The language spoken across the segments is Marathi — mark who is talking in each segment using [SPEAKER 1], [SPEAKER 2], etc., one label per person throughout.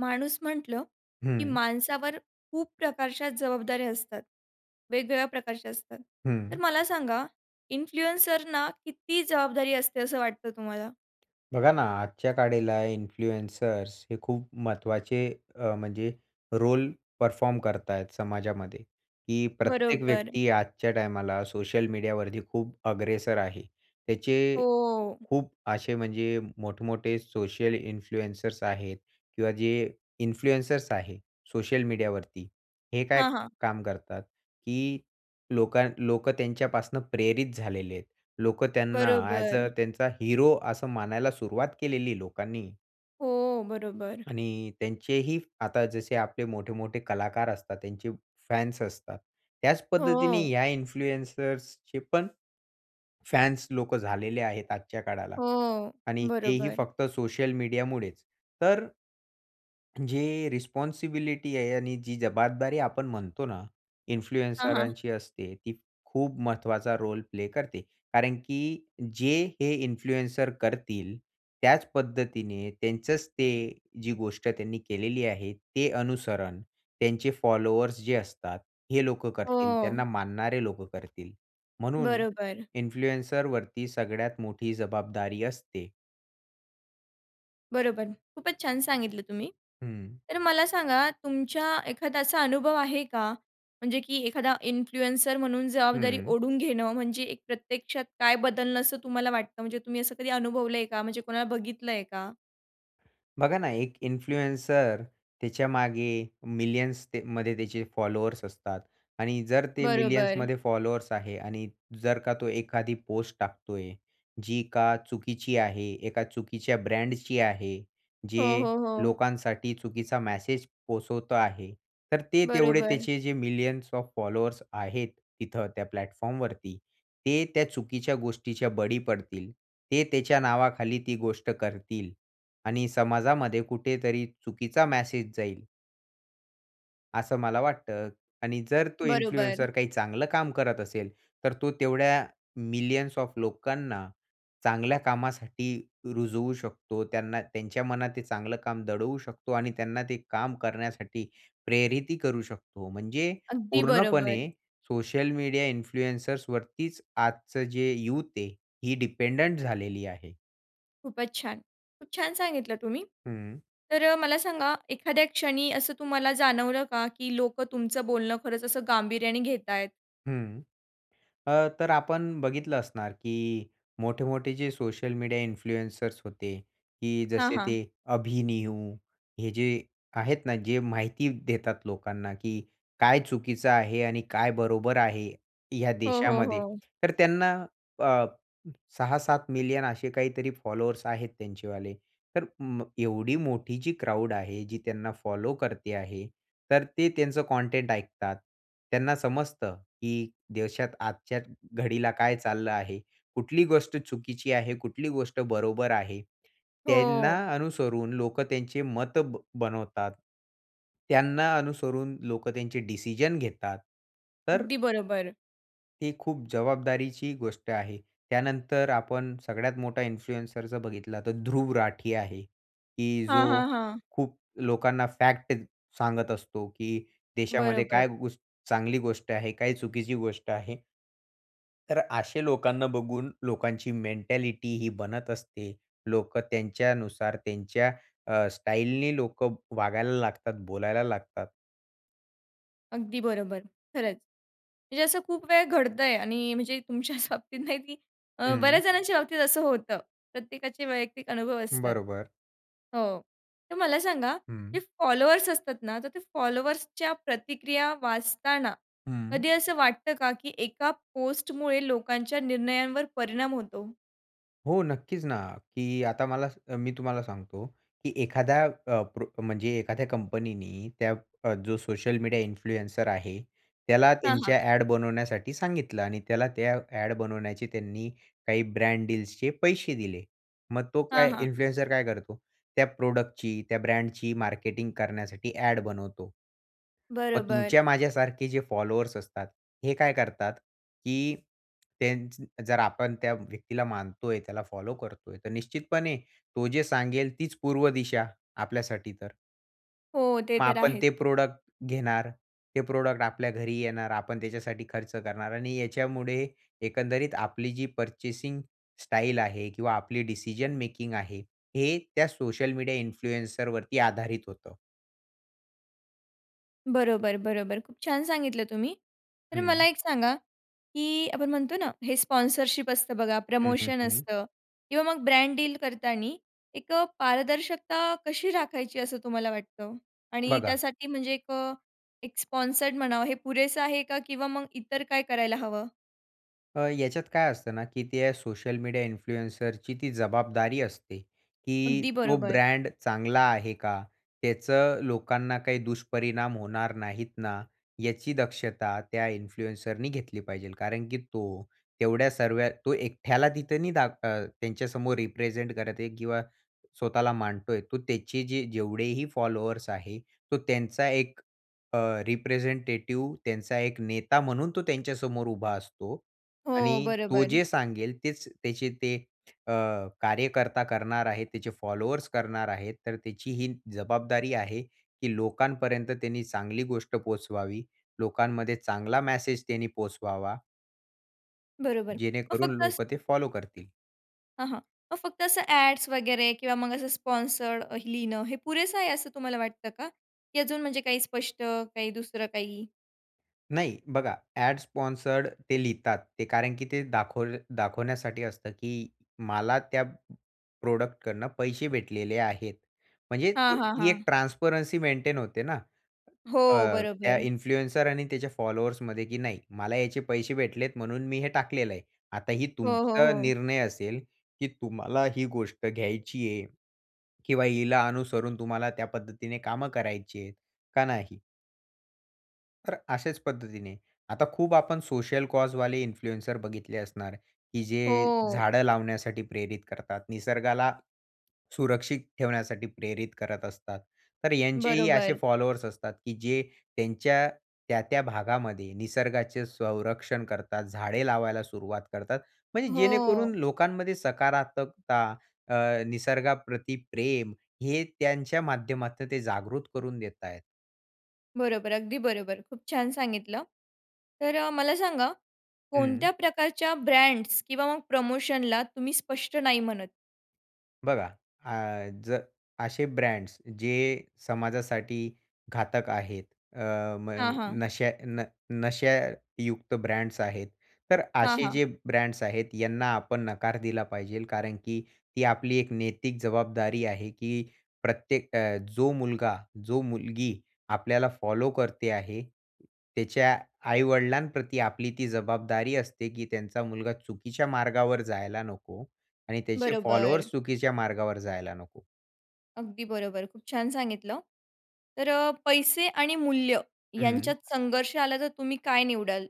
[SPEAKER 1] माणूस म्हटलं, की
[SPEAKER 2] हं.
[SPEAKER 1] माणसावर खूप प्रकारच्या जबाबदाऱ्या असतात. वेगवेगळ्या प्रकारच्या असतात. तर
[SPEAKER 2] हं.
[SPEAKER 1] मला सांगा, इन्फ्लुएन्सरना किती जबाबदारी असते, असं वाटतं तुम्हाला?
[SPEAKER 2] बघा ना, आजच्या काळाला इन्फ्लुएन्सर्स हे खूप महत्त्वाचे अ, म्हणजे रोल परफॉर्म करतायेत समाजामध्ये, की प्रत्येक
[SPEAKER 1] बरोबर.
[SPEAKER 2] व्यक्ती आजच्या टाईमाला सोशल मीडियावरती खूप अग्रेसर आहे. त्याचे
[SPEAKER 1] हो.
[SPEAKER 2] खूप असे म्हणजे मोठमोठे सोशल इन्फ्लुएन्सर्स आहेत किंवा जे इन्फ्लुएन्सर्स आहे सोशल मीडियावरती हे काय
[SPEAKER 1] हां, हां.
[SPEAKER 2] काम करतात, की लोका लोकं त्यांच्यापासून प्रेरित झालेले आहेत. लोकं त्यांना ॲज
[SPEAKER 1] बरोबर.
[SPEAKER 2] अ त्यांचा हिरो असं मानायला सुरुवात केलेली आहे लोकांनी.
[SPEAKER 1] हो, बरोबर.
[SPEAKER 2] आणि त्यांचेही आता जसे आपले मोठे-मोठे कलाकार असतात त्यांचे फॅन्स असतात. त्याच पद्धतीने
[SPEAKER 1] हो.
[SPEAKER 2] या इन्फ्लुएन्सर्सचे पण, फॅन्स लोकं झालेले आहेत आजच्या काळाला
[SPEAKER 1] हो,
[SPEAKER 2] आणि तेही
[SPEAKER 1] बरोबर.
[SPEAKER 2] फक्त सोशल मीडियामुळेच. तर जे रिस्पॉन्सिबिलिटी आहे आणि जी जबाबदारी आपण म्हणतो ना
[SPEAKER 1] हां, हां.
[SPEAKER 2] इन्फ्लुएन्सरांची असते ती खूप महत्वाचा रोल प्ले करते. कारण की जे हे इन्फ्लुएन्सर करतील, त्याच पद्धतीने, त्यांचंच ते जी गोष्ट त्यांनी केलेली आहे ते अनुसरण त्यांचे फॉलोवर्स जे असतात हे लोकं करतील. त्यांना
[SPEAKER 1] हो.
[SPEAKER 2] मानणारे लोकं करतील. म्हणून
[SPEAKER 1] बरोबर.
[SPEAKER 2] इन्फ्लुएन्सरवरती सगळ्यात मोठी जबाबदारी असते.
[SPEAKER 1] बरोबर. खूपच छान सांगितलं तुम्ही.
[SPEAKER 2] हं.
[SPEAKER 1] तर मला सांगा तुमच्या एखादा असा अनुभव आहे का? म्हणजे की एखादा इन्फ्लुएन्सर म्हणून जबाबदारी
[SPEAKER 2] हं.
[SPEAKER 1] ओढून घेणं म्हणजे एक प्रत्यक्षात काय बदलणं असं तुम्हाला वाटतं? म्हणजे तुम्ही असं कधी अनुभवलंय का? म्हणजे कोणाला बघितलंय का?
[SPEAKER 2] बघा ना, एक इन्फ्लुएन्सर त्याच्यामागे मिलियन्सते मध्ये त्याचे फॉलोवर्स असतात आणि जर ते
[SPEAKER 1] बरोबर.
[SPEAKER 2] मिलियन्समध्ये फॉलोवर्स आहे आणि जर का तो एखादी पोस्ट टाकतोय, जी का चुकीची आहे एका चुकीच्या ब्रँडची आहे,
[SPEAKER 1] हो,
[SPEAKER 2] जे
[SPEAKER 1] हो, हो.
[SPEAKER 2] लोकांसाठी चुकीचा मेसेज पोहचवतो आहे तर ते तेवढे
[SPEAKER 1] बरोबर.
[SPEAKER 2] त्याचे जे मिलियन्स ऑफ फॉलोवर्स आहेत तिथं त्या प्लॅटफॉर्म वरती, ते त्या चुकीच्या गोष्टीच्या बळी पडतील ते त्याच्या नावाखाली ती गोष्ट करतील आणि समाजामध्ये कुठेतरी चुकीचा मेसेज जाईल. असं मला वाटतं आणि जर तो
[SPEAKER 1] बरोबर.
[SPEAKER 2] इन्फ्लुएन्सर काही चांगलं काम करत असेल, तर तो तेवढ्या मिलियन्स ऑफ लोकांना चांगल्या कामासाठी रुजवू शकतो त्यांना त्यांच्या मनात ते चांगलं काम दडवू शकतो आणि त्यांना ते काम करण्यासाठी प्रेरीतही करू शकतो. म्हणजे
[SPEAKER 1] अगदी बरोबर.
[SPEAKER 2] पूर्णपणे सोशल मीडिया इन्फ्लुएंसर्स वरतीच आजचं जे युथ आहे ही डिपेंडंट झालेली आहे.
[SPEAKER 1] खूपच छान! खूप छान सांगितलं तुम्ही.
[SPEAKER 2] हं.
[SPEAKER 1] तर अ, मला सांगा, एखाद्या क्षणी असं तुम्हाला जाणवलं का, की लोकं तुमचं बोलणं खरंच असं गांभीर्याने घेत आहेत?
[SPEAKER 2] हं. अ, तर आपण बघितलं असणार, की मोठे-मोठे जे सोशल मीडिया इन्फ्लुएन्सर्स होते, की
[SPEAKER 1] हां,
[SPEAKER 2] जसे ते
[SPEAKER 1] हां.
[SPEAKER 2] अभि-नियू. हे जे आहेत ना जे माहिती देतात लोकांना, की काय चुकीचं आहे आणि काय बरोबर आहे, ह्या
[SPEAKER 1] हो, हो,
[SPEAKER 2] देशामध्ये.
[SPEAKER 1] हो.
[SPEAKER 2] तर त्यांना अ, 6-7 मिलियन असे काहीतरी फॉलोवर्स आहेत त्यांचेवाले. तर मग एवढी मोठी जी क्राउड आहे, जी त्यांना फॉलो करते आहे, तर ते त्यांचं कंटेंट ऐकतात. त्यांना समजतं, की देशात आजच्या घडीला काय चाललं आहे? कुठली गोष्ट चुकीची आहे? कुठली गोष्ट बरोबर आहे? त्यांना
[SPEAKER 1] हो.
[SPEAKER 2] अनुसरून लोकं त्यांचे मत बनवतात. त्यांना अनुसरून लोक त्यांचे डिसिजन घेतात. तर
[SPEAKER 1] अगदी बरोबर.
[SPEAKER 2] ती खूप जबाबदारीची गोष्ट आहे. त्यानंतर आपण सगळ्यात मोठा इन्फ्लुएन्सर जर बघितला, तर ध्रुव राठी आहे, की
[SPEAKER 1] हां,
[SPEAKER 2] जो
[SPEAKER 1] हां, हां.
[SPEAKER 2] खूप लोकांना फॅक्ट सांगत असतो, की देशामध्ये
[SPEAKER 1] बरोबर.
[SPEAKER 2] काय गो चांगली गोष्ट आहे, काय चुकीची गोष्ट आहे. तर अशा लोकांना बघून लोकांची मेंटॅलिटी ही बनत असते. लोकं त्यांच्यानुसार त्यांच्या अ, स्टाईलने लोक वागायला लागतात, बोलायला लागतात.
[SPEAKER 1] अगदी बरोबर, खरंच. म्हणजे असं खूप वेळ घडतंय आणि म्हणजे तुमच्याच बाबतीत नाही, की अ,
[SPEAKER 2] हं.
[SPEAKER 1] बऱ्याच जणांच्या बाबतीत असं होतं. प्रत्येकाचे वैयक्तिक अनुभव असतात.
[SPEAKER 2] बरोबर.
[SPEAKER 1] हो, तर मला सांगा,
[SPEAKER 2] हं.
[SPEAKER 1] जे फॉलोवर्स असतात ना, तर ते फॉलोवर्सच्या प्रतिक्रिया वाचताना,
[SPEAKER 2] हं.
[SPEAKER 1] कधी असं वाटतं का, की एका पोस्टमुळे लोकांच्या निर्णयांवर परिणाम होतो?
[SPEAKER 2] हो, नक्कीच ना, की आता मला मी तुम्हाला सांगतो, की एखाद्या अ, प्रो म्हणजे एखाद्या कंपनीनी त्या अ, जो सोशल मीडिया इन्फ्लुएन्सर आहे, त्याला
[SPEAKER 1] हां, हां.
[SPEAKER 2] त्यांच्या ॲड बनवण्यासाठी सांगितलं आणि त्याला त्या ॲड बनवण्याची त्यांनी काही ब्रँड डिल्स चे पैसे दिले. मग तो
[SPEAKER 1] हां,
[SPEAKER 2] काय
[SPEAKER 1] हां.
[SPEAKER 2] इन्फ्लुएन्सर काय करतो? त्या प्रॉडक्ट ची त्या ब्रँडची मार्केटिंग करण्यासाठी ॲड बनवतो. मग
[SPEAKER 1] बरोबर.
[SPEAKER 2] तुमच्या माझ्यासारखे जे फॉलोवर्स असतात, हे काय करतात, की तेच जर आपण त्या व्यक्तीला मानतोय, त्याला फॉलो करतोय, तर निश्चितपणे तो जे सांगेल तीच पूर्व दिशा आपल्यासाठी तर.
[SPEAKER 1] हो, ते
[SPEAKER 2] मग
[SPEAKER 1] तर
[SPEAKER 2] आपण
[SPEAKER 1] आहे.
[SPEAKER 2] ते प्रॉडक्ट घेणार. ते प्रॉडक्ट आपल्या घरी येणार. आपण त्याच्यासाठी खर्च करणार. आणि याच्यामुळे एकंदरीत आपली जी पर्चेसिंग स्टाईल आहे किंवा आपली डिसिजन मेकिंग आहे, हे त्या सोशल मीडिया इन्फ्लुएन्सर वरती आधारित होतं.
[SPEAKER 1] बरोबर, बरोबर. खूप छान सांगितलं तुम्ही. तर मला
[SPEAKER 2] हं.
[SPEAKER 1] एक सांगा, की आपण म्हणतो ना, हे स्पॉन्सरशिप असतं बघा,
[SPEAKER 2] हं, हं,
[SPEAKER 1] प्रमोशन
[SPEAKER 2] हं.
[SPEAKER 1] असतं किंवा मग ब्रँड डील करतानी एक पारदर्शकता कशी राखायची, असं तुम्हाला वाटतं? आणि
[SPEAKER 2] बघा
[SPEAKER 1] त्यासाठी म्हणजे एक अ, एक स्पॉन्सर्ड म्हणावं, हे पुरेसं आहे का? किंवा मग इतर काय करायला हवं?
[SPEAKER 2] अ, याच्यात काय असतं ना, की ते सोशल मीडिया इन्फ्लुएन्सरची ती जबाबदारी असते, की
[SPEAKER 1] अगदी
[SPEAKER 2] "तो
[SPEAKER 1] बरोबर.
[SPEAKER 2] ब्रँड चांगला आहे का? त्याचं लोकांना काही दुष्परिणाम होणार नाहीत ना?" याची दक्षता त्या इन्फ्लुएन्सरनी घेतली पाहिजेल. कारण की तो तेवढ्या सर्व तो एकट्याला तिथं नाही अ, त्यांच्यासमोर रिप्रेझेंट करत आहे किंवा स्वतःला मांडतोय. तो त्याचे जे जेवढेही फॉलोवर्स आहे. तो त्यांचा एक अ, रिप्रेझेंटेटिव्ह, त्यांचा एक नेता म्हणून तो त्यांच्यासमोर उभा असतो.
[SPEAKER 1] हो,
[SPEAKER 2] आणि तो
[SPEAKER 1] बरोबर.
[SPEAKER 2] जे सांगेल तेच त्याचे ते अ, कार्यकर्ता करणार आहे. त्याचे फॉलोवर्स करणार आहेत. तर त्याची ही जबाबदारी आहे की लोकांपर्यंत त्यांनी चांगली गोष्ट पोहोचवावी. लोकांमध्ये चांगला मेसेज त्यांनी पोहचवावा.
[SPEAKER 1] बरोबर. मग
[SPEAKER 2] जेणेकरून
[SPEAKER 1] फक्त असं
[SPEAKER 2] लोकं ते फॉलो करतील.
[SPEAKER 1] हं, हं. मग फक्त असं ॲडस वगैरे किंवा मग असं स्पॉन्सर्ड अ, लिहिणं हे पुरेसं आहे असं तुम्हाला वाटतं का? की अजून, म्हणजे काही स्पष्ट काही दुसरं काही?
[SPEAKER 2] नाही, बघा ॲड स्पॉन्सर्ड ते लिहितात. ते कारण की ते दाखव दाखवण्यासाठी असतं, की मला त्या प्रॉडक्टकडनं पैसे भेटलेले आहेत. म्हणजे अ,
[SPEAKER 1] हां, हां,
[SPEAKER 2] ती एक
[SPEAKER 1] हां.
[SPEAKER 2] ट्रान्सपरन्सी मेंटेन होते ना? अ,
[SPEAKER 1] हो.
[SPEAKER 2] त्या
[SPEAKER 1] बरोबर.
[SPEAKER 2] इन्फ्लुएन्सर आणि त्याच्या फॉलोवर्समध्ये, की नाही मला याचे पैसे भेटलेत म्हणून मी हे टाकलेलं आहे. आता ही
[SPEAKER 1] हो, हो,
[SPEAKER 2] तुमचा
[SPEAKER 1] हो.
[SPEAKER 2] निर्णय असेल, की तुम्हाला ही गोष्ट घ्यायची आहे किंवा हिला अनुसरून तुम्हाला त्या पद्धतीने कामं करायची आहेत, का नाही? तर अशाच पद्धतीने, आता खूप आपण सोशल कॉज वाले इन्फ्लुएन्सर बघितले असणार, की जे
[SPEAKER 1] हो.
[SPEAKER 2] झाडं लावण्यासाठी प्रेरित करतात. निसर्गाला सुरक्षित ठेवण्यासाठी प्रेरित करत असतात. तर यांचेही असे
[SPEAKER 1] बरोबर.
[SPEAKER 2] फॉलोवर्स असतात, की जे त्यांच्या त्या-त्या भागामध्ये निसर्गाचे संरक्षण करतात, झाडे लावायला सुरुवात करतात, म्हणजे जेणेकरून
[SPEAKER 1] हो.
[SPEAKER 2] लोकांमध्ये सकारात्मकता अ, निसर्गाप्रती प्रेम हे त्यांच्या माध्यमातून ते जागृत करून देत आहेत.
[SPEAKER 1] बरोबर, अगदी बरोबर. खूप छान सांगितलं. तर अ, मला सांगा,
[SPEAKER 2] हं.
[SPEAKER 1] कोणत्या प्रकारच्या ब्रँड्स किंवा मग प्रमोशनला तुम्ही स्पष्ट नाही म्हणत?
[SPEAKER 2] बघा, अ, जर असे ब्रँड्स जे समाजासाठी घातक आहेत. अ,
[SPEAKER 1] हां,
[SPEAKER 2] मग
[SPEAKER 1] हां.
[SPEAKER 2] नशा न नशायुक्त ब्रँड्स आहेत. तर
[SPEAKER 1] हां,
[SPEAKER 2] असे
[SPEAKER 1] हां.
[SPEAKER 2] जे ब्रँड्स आहेत यांना आपण नकार दिला पाहिजे. कारण की ती आपली एक नैतिक जवाब जबाबदारी आहे, की प्रत्येक अ, जो मुलगा, जो मुलगी आपल्याला फॉलो करते आहे, त्याच्या आई-वडिलां प्रती आपली ती जबाबदारी असते, की त्यांचा मुलगा चुकीच्या मार्गावर जायला नको आणि त्याचे
[SPEAKER 1] बरोबर.
[SPEAKER 2] फॉलोवर्स चुकीच्या मार्गावर जायला नको.
[SPEAKER 1] अगदी बरोबर. खूप छान सांगितलं. तर अ, पैसे आणि मूल्य यांच्यात
[SPEAKER 2] हं.
[SPEAKER 1] संघर्ष आला, तर तुम्ही काय निवडाल?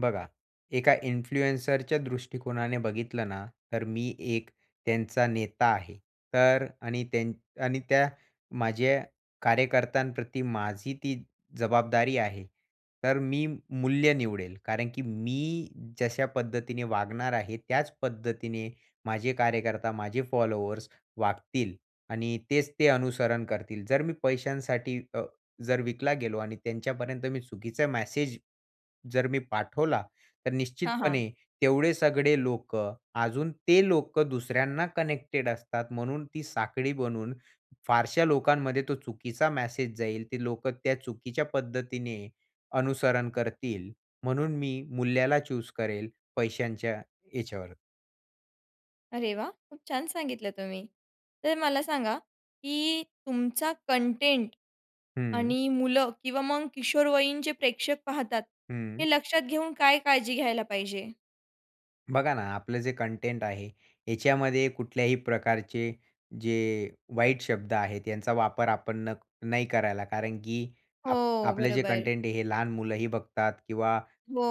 [SPEAKER 2] बघा, एका इन्फ्लुएन्सरच्या दृष्टिकोनाने बघितलं ना, तर मी एक त्यांचा नेता आहे, तर आणि त्या आणि त्या माझ्या कार्यकर्त्यांप्रती माझी ती जबाबदारी आहे. तर मी मूल्य निवडेल. कारण की मी जशा पद्धतीने वागणार आहे, त्याच पद्धतीने माझे कार्यकर्ता, माझे फॉलोअर्स वागतील आणि तेच ते अनुसरण करतील. जर मी पैशांसाठी अ, जर विकला गेलो आणि त्यांच्यापर्यंत मी चुकीचा मॅसेज जर मी पाठवला, तर
[SPEAKER 1] हां, हां.
[SPEAKER 2] निश्चितपणे तेवढे सगळे लोकं, अजून ते लोकं दुसऱ्यांना कनेक्टेड असतात, म्हणून ती साखळी बनून फारशा लोकांमध्ये तो चुकीचा मेसेज जाईल, ते लोकं त्या चुकीच्या पद्धतीने अनुसरण करतील. म्हणून मी मूल्याला चूज करेल पैशांच्या याच्यावर.
[SPEAKER 1] अरे वाह! खूप छान सांगितलं तुम्ही. तर मला सांगा, की तुमचा कंटेंट
[SPEAKER 2] हं.
[SPEAKER 1] आणि मुलं किंवा मग किशोरवयींचे प्रेक्षक पाहतात,
[SPEAKER 2] हं.
[SPEAKER 1] हे लक्षात घेऊन काय काळजी घ्यायला पाहिजे?
[SPEAKER 2] बघा ना, आपलं जे कंटेंट आहे याच्यामध्ये कुठल्याही प्रकारचे जे वाईट शब्द आहेत यांचा वापर आपण न नाही करायला कारण की आप
[SPEAKER 1] हो,
[SPEAKER 2] आपले जे
[SPEAKER 1] बरोबर.
[SPEAKER 2] कंटेंट आहे हे लहान मुलंही बघतात किंवा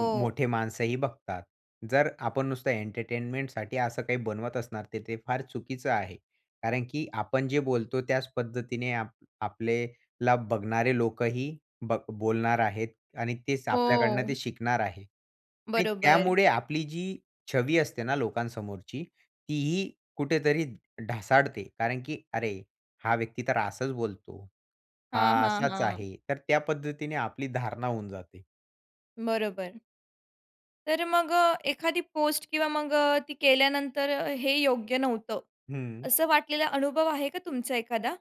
[SPEAKER 2] म मोठे माणसंही बघतात. जर आपण नुसतं एंटरटेनमेंटसाठी असं काही बनवत असणार तर ते फार चुकीचं आहे. कारण की आपण जे बोलतो त्याच पद्धतीने आप आपल्याला बघणारे लोकही ब बोलणार आहेत आणि तेच आपल्याकडनं ते
[SPEAKER 1] हो.
[SPEAKER 2] शिकणार आहे आणि
[SPEAKER 1] बरोबर.
[SPEAKER 2] त्यामुळे आपली जी छवी असते ना लोकांसमोरची, तीही कुठेतरी ढासाळते कारण की "अरे! हा व्यक्ती तर असाच बोलतो,
[SPEAKER 1] हां,
[SPEAKER 2] हा
[SPEAKER 1] हां,
[SPEAKER 2] असाच
[SPEAKER 1] हां.
[SPEAKER 2] आहे." तर त्या पद्धतीने आपली धारणा होऊन जाते.
[SPEAKER 1] बरोबर. तर मग अ, एखादी पोस्ट किंवा मग अ, ती केल्यानंतर हे योग्य नव्हतं,
[SPEAKER 2] हं.
[SPEAKER 1] असं वाटलेला अनुभव आहे का तुमचा एखादा?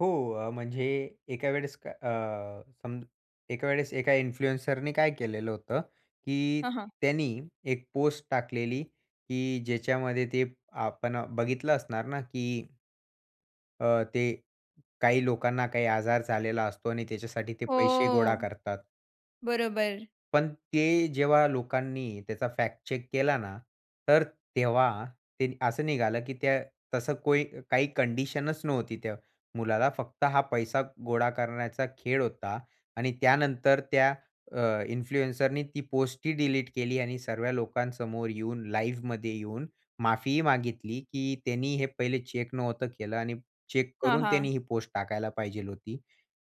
[SPEAKER 2] हो अ, म्हणजे एका वेळेस का अ सम एका वेळेस एका इन्फ्लुएन्सरनी काय केलेलं होतं की
[SPEAKER 1] हां, हां.
[SPEAKER 2] त्यानी एक पोस्ट टाकलेली की ज्याच्यामध्ये ते आपण बघितलं असणार ना की अ, ते काही लोकांना काही आजार झालेला असतो आणि त्याच्यासाठी ते पैसे गोळा
[SPEAKER 1] हो.
[SPEAKER 2] करतात.
[SPEAKER 1] बरोबर.
[SPEAKER 2] पण ते जेव्हा लोकांनी त्याचा फॅक्ट चेक केला ना, तर तेव्हा ते असं निघालं की त्या तसं कोई काही कंडिशनच नव्हती त्या मुलाला, फक्त हा पैसा गोळा करण्याचा खेळ होता आणि त्यानंतर त्या अ, इन्फ्लुएन्सरनी ती पोस्टही डिलीट केली आणि सर्व्या लोकांसमोर येऊन लाईव्हमध्ये येऊन माफीही मागितली, की त्यांनी हे पहिले चेक नव्हतं केलं आणि चेक
[SPEAKER 1] हां,
[SPEAKER 2] करून
[SPEAKER 1] हां.
[SPEAKER 2] त्यांनी ही पोस्ट टाकायला पाहिजे होती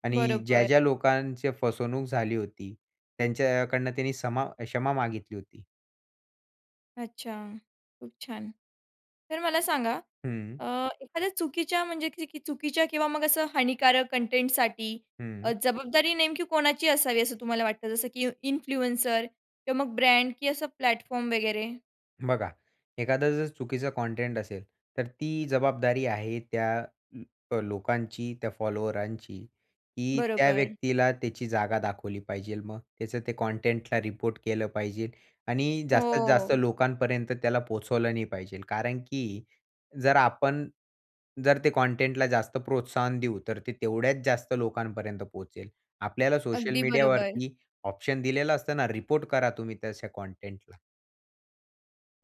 [SPEAKER 2] आणि ज्या
[SPEAKER 1] बरोबर.
[SPEAKER 2] ज्या लोकांची फसवणूक झाली होती, त्यांच्याकडनं त्यांनी समा क्षमा मागितली होती.
[SPEAKER 1] अच्छा. खूप छान. तर मला सांगा
[SPEAKER 2] हं.
[SPEAKER 1] अ, एखाद्या चुकीच्या म्हणजे च चुकीच्या किंवा मग असं हानिकारक कंटेंटसाठी
[SPEAKER 2] हं.
[SPEAKER 1] अ, जबाबदारी नेमकी कोणाची असावी, असं तुम्हाला वाटतं? जसं की इन्फ्लुएन्सर किंवा मग ब्रँड किंवा असं प्लॅटफॉर्म वगैरे?
[SPEAKER 2] बघा, एखादा जर चुकीचा कंटेंट असेल तर ती जबाबदारी आहे त्या लोकांची, त्या फॉलोअरांची, की त्या
[SPEAKER 1] बरोबर.
[SPEAKER 2] व्यक्तीला त्याची जागा दाखवली पाहिजे. मग त्याचं ते कंटेंटला रिपोर्ट केलं पाहिजे आणि जास्तीत जास्त
[SPEAKER 1] हो.
[SPEAKER 2] लोकांपर्यंत त्याला पोहोचवलं नाही पाहिजे. कारण की जर आपण जर ते कंटेंटला जास्त प्रोत्साहन देऊ, तर ते तेवढ्याच जास्त लोकांपर्यंत पोहोचेल. आपल्याला सोशल
[SPEAKER 1] अगदी बरोबर.
[SPEAKER 2] मीडियावरती ऑप्शन दिलेलं असतं ना, रिपोर्ट करा तुम्ही तशा कंटेंटला.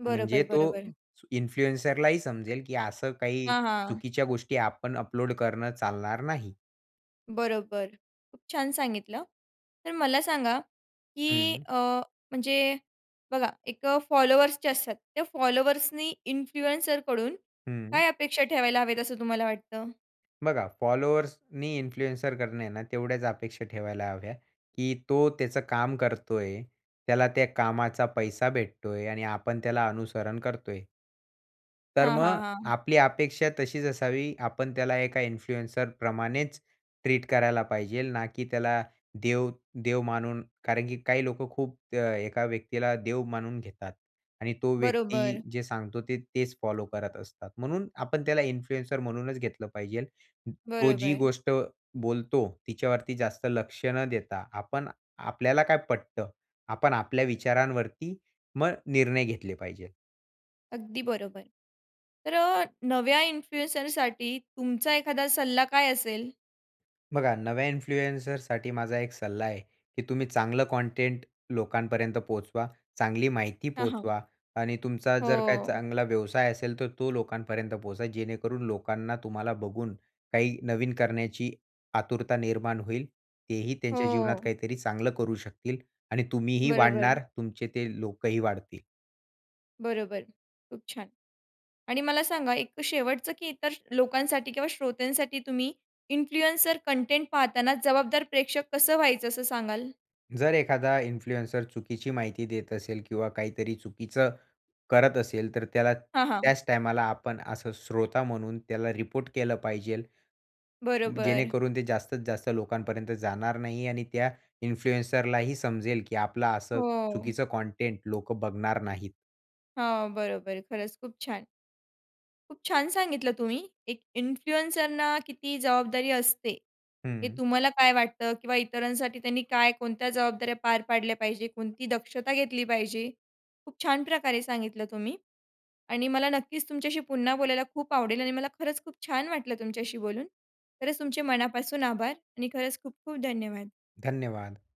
[SPEAKER 1] बरोबर,
[SPEAKER 2] म्हणजे तो
[SPEAKER 1] बरोबर.
[SPEAKER 2] इन्फ्लुएन्सर लाही समजेल, की असं काही
[SPEAKER 1] हां, हां.
[SPEAKER 2] चुकीच्या गोष्टी आपण अपलोड करणं चालणार नाही.
[SPEAKER 1] बरोबर. खूप छान सांगितलं. तर मला सांगा, की
[SPEAKER 2] हं.
[SPEAKER 1] अ, म्हणजे बघा, एक फॉलोवर्स जे असतात त्या फॉलोवर्सनी इन्फ्लुएन्सर कडून
[SPEAKER 2] हं.
[SPEAKER 1] काय अपेक्षा ठेवायला हवेत असं तुम्हाला वाटतं?
[SPEAKER 2] बघा, फॉलोवर्सनी इन्फ्लुएन्सर कडून आहे ना, तेवढ्याच अपेक्षा ठेवायला हव्या, की तो त्याचं काम करतोय. त्याला त्या कामाचा पैसा भेटतोय आणि आपण त्याला अनुसरण करतोय. तर
[SPEAKER 1] हां, हां,
[SPEAKER 2] मग
[SPEAKER 1] हां.
[SPEAKER 2] आपली अपेक्षा तशीच असावी. आपण त्याला एका इन्फ्लुएन्सर प्रमाणेच ट्रीट करायला पाहिजेल, ना की त्याला देव देव मानून. कारण, की काही लोकं खूप त्या एका व्यक्तीला देव मानून घेतात आणि तो व्यक्ती
[SPEAKER 1] बरोबर.
[SPEAKER 2] जे सांगतो ते तेच फॉलो करत असतात. म्हणून आपण त्याला इन्फ्लुएन्सर म्हणूनच घेतलं पाहिजेल. अं, तो जी
[SPEAKER 1] बरोबर.
[SPEAKER 2] गोष्ट बोलतो तिच्यावरती जास्त लक्ष न देता आपण आपल्याला काय पटतं, आपण आपल्या विचारांवरती, मग निर्णय घेतले पाहिजे.
[SPEAKER 1] अगदी बरोबर. तर अ, नव्या इन्फ्लुएन्सरसाठी तुमचा एखादा सल्ला काय असेल?
[SPEAKER 2] बघा, नव्या इन्फ्लुएन्सरसाठी माझा एक सल्ला आहे, की तुम्ही चांगलं कंटेंट लोकांपर्यंत पोहोचवा, चांगली माहिती
[SPEAKER 1] हां, हां.
[SPEAKER 2] पोहचवा. आणि तुमचा जर काही
[SPEAKER 1] हो.
[SPEAKER 2] चांगला व्यवसाय असेल तर तो लोकांपर्यंत पोहोचवा, जेणेकरून लोकांना तुम्हाला बघून काही नवीन करण्याची आतुरता निर्माण होईल. तेही त्यांच्या जीवनात
[SPEAKER 1] हो.
[SPEAKER 2] काहीतरी चांगलं करू शकतील आणि तुम्हीही
[SPEAKER 1] बरोबर.
[SPEAKER 2] वाढणार, तुमचे ते लोकही वाढतील.
[SPEAKER 1] बरोबर, खूप छान. आणि मला सांगा एक शेवटचं, की इतर लोकांसाठी किंवा श्रोत्यांसाठी तुम्ही इन्फ्लुएन्सर कंटेंट पाहताना जबाबदार प्रेक्षक कसं व्हायचं, असं सांगाल?
[SPEAKER 2] जर एखादा इन्फ्लुएन्सर चुकीची माहिती देत असेल किंवा काहीतरी चुकीचं करत असेल, तर त्याला
[SPEAKER 1] हां, हां.
[SPEAKER 2] त्याच टाईमला आपण असं श्रोता म्हणून त्याला रिपोर्ट केलं पाहिजेल.
[SPEAKER 1] बरोबर.
[SPEAKER 2] जेणेकरून ते जास्तीत जास्त लोकांपर्यंत जाणार नाही आणि त्या इन्फ्लुएन्सरला ही समजेल की आपलं असं
[SPEAKER 1] हो.
[SPEAKER 2] चुकीचं कंटेंट लोक बघणार नाहीत.
[SPEAKER 1] हां, बरोबर. खरंच खूप छान. खूप छान सांगितलं तुम्ही. एक इन्फ्लुएन्सरला किती जबाबदारी असते, हे
[SPEAKER 2] हं.
[SPEAKER 1] तुम्हाला काय वाटतं किंवा इतरांसाठी त्यांनी काय, कोणत्या जबाबदाऱ्या पार पाडल्या पाहिजेत, कोणती दक्षता घेतली पाहिजे. खूप छान प्रकारे सांगितलं तुम्ही. आणि मला नक्कीच तुमच्याशी पुन्हा बोलायला खूप आवडेल. आणि मला खरंच खूप छान वाटलं तुमच्याशी बोलून. खरंच तुमचे मनापासून आभार. आणि खरंच खूप खूप धन्यवाद.
[SPEAKER 2] धन्यवाद!